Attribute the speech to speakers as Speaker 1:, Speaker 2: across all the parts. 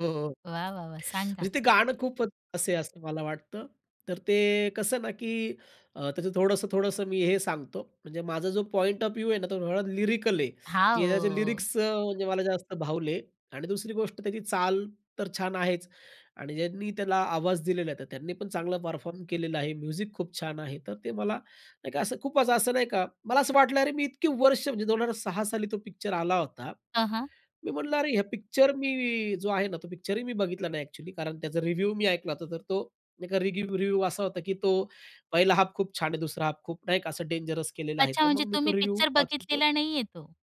Speaker 1: हो, हो.
Speaker 2: वाह, वाह, वाह! सांगा?
Speaker 1: म्हणजे ते गाणं खूप असे असं मला वाटतं, तर ते कसं ना, की अ, त्याचं थोडंसं-थोडंसं मी हे सांगतो. म्हणजे माझा जो पॉइंट ऑफ व्ह्यू आहे ना, तो लिरिकल आहे,
Speaker 2: हां,
Speaker 1: की त्याचे
Speaker 2: ओ.
Speaker 1: लिरिक्स अ, म्हणजे मला जास्त भावले आणि दुसरी गोष्ट त्याची चाल तर छान आहेच आणि ज्यांनी त्याला आवाज दिलेला आहे, तर त्यांनी पण चांगला परफॉर्म केलेला आहे. म्युझिक खूप छान आहे, तर ते मला नाही का असं खूप असं असं नाही का, मला असं वाटलं अरे, मी इतकी वर्ष म्हणजे 2006 साली तो पिक्चर आला होता.
Speaker 2: हं, हं.
Speaker 1: मी म्हंटलं, अरे, हे पिक्चर मी जो आहे ना, तो पिक्चर ही मी बघितला नाही अ‍ॅक्चुअली कारण त्याचा रिव्ह्यू मी ऐकला होता, तर तो एका रिगिव्ह रिव्ह्यू असा होता, की तो पहिला हाल्फ खूप छान आहे. दुसरा हाल्फ खूप नाही का असं डेंजरस केलेला आहे.
Speaker 2: अच्छा,
Speaker 1: तर
Speaker 2: म्हणजे
Speaker 1: मग मी तो
Speaker 2: तुम्ही
Speaker 1: रिव्ह्यू
Speaker 2: पिक्चर
Speaker 1: वाचवतो.
Speaker 2: बघितलेला नाहीये तो?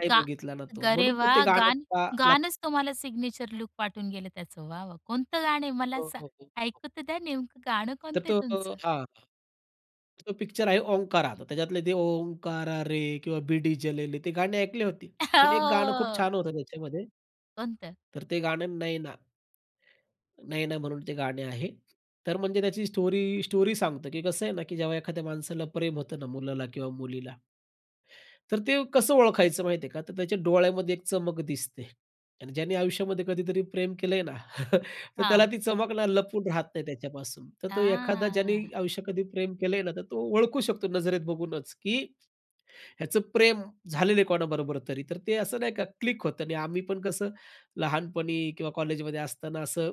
Speaker 1: नाही
Speaker 2: गा
Speaker 1: बघितला ना तो,
Speaker 2: अरे
Speaker 1: म्हणून ते
Speaker 2: वाह!
Speaker 1: गाणं
Speaker 2: गाण
Speaker 1: पा लक्ष
Speaker 2: गाणच तुम्हाला सिग्नेचर लूक पाठवून गेलं त्याचं. वाह, वाह! कोणतं गाणं आहे मला
Speaker 1: हो,
Speaker 2: सां
Speaker 1: हो, हो, हो.
Speaker 2: ऐकु तर द्या नेमकं गाणं
Speaker 1: तर
Speaker 2: कोणतंय
Speaker 1: तो
Speaker 2: तुमचं?
Speaker 1: हां, तो पिक्चर आहे ओंकारा. तो त्याच्यातले ते, ओंकारा रे किंवा बीड़ी जलाई ले ते गाणी ऐकली होती. पण एक गाणं खूप
Speaker 2: हो.
Speaker 1: छान होतं त्याच्यामध्ये.
Speaker 2: कोणतं?
Speaker 1: तर ते गाणं, "नैना." "नैना" म्हणून ते गाणे आहे. तर म्हणजे त्याची स्टोरी स्टोरी सांगतं, की कसं आहे ना की जेव्हा एखाद्या माणसाला प्रेम होतं ना मुलाला किंवा मुलीला. तर ते कसं ओळखायचं माहिती आहे का? तर त्याच्या डोळ्यामध्ये एक चमक दिसते आणि ज्याने आयुष्यामध्ये कधीतरी प्रेम केलंय ना, तर त्याला
Speaker 2: हां.
Speaker 1: ती चमकला लपून राहत नाही त्याच्यापासून. तर तो एखादा ज्याने
Speaker 2: हां.
Speaker 1: आयुष्यात कधी प्रेम केलंय ना, तर तो ओळखू शकतो नजरेत बघूनच, की ह्याचं प्रेम झालेलं आहे कोणाबरोबर तरी, तर ते असं नाही का क्लिक होतं आणि आम्ही पण कसं लहानपणी किंवा कॉलेजमध्ये असताना असं,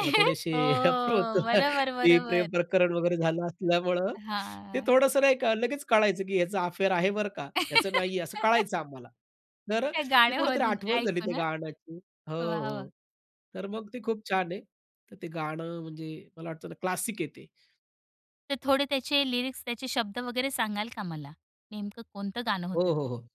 Speaker 1: अ, थोडेसे.
Speaker 2: हो, हो,
Speaker 1: [unintelligible] होतो
Speaker 2: हो.
Speaker 1: ना,
Speaker 2: बरोबर,
Speaker 1: ते प्रेम
Speaker 2: बरोबर.
Speaker 1: प्रकरण वगैरे झालं असल्यामुळं, ते
Speaker 2: हां.
Speaker 1: थोडंसं नाही लगेच कळायचं, की ह्याचा अफेअर आहे बरं का, ह्याचं नाहीये असं कळायचं आम्हाला. तर
Speaker 2: त्या
Speaker 1: ते
Speaker 2: गाणं
Speaker 1: कुठेतरी
Speaker 2: मधून
Speaker 1: आठवण झाली
Speaker 2: ऐकू
Speaker 1: त्या
Speaker 2: ना.
Speaker 1: गाण्याची हो,
Speaker 2: वाह! वाह!
Speaker 1: हो. तर मग ते खूप छान आहे. तर ते गाणं म्हणजे मला वाटतं क्लासिक आहे ते.
Speaker 2: तर थोडे त्याचे लिरिक्स, त्याचे शब्द वगैरे सांगाल का मला नेमकं कोणतं गाणं
Speaker 1: हो,
Speaker 2: होतं
Speaker 1: हो,
Speaker 2: ते?
Speaker 1: हो.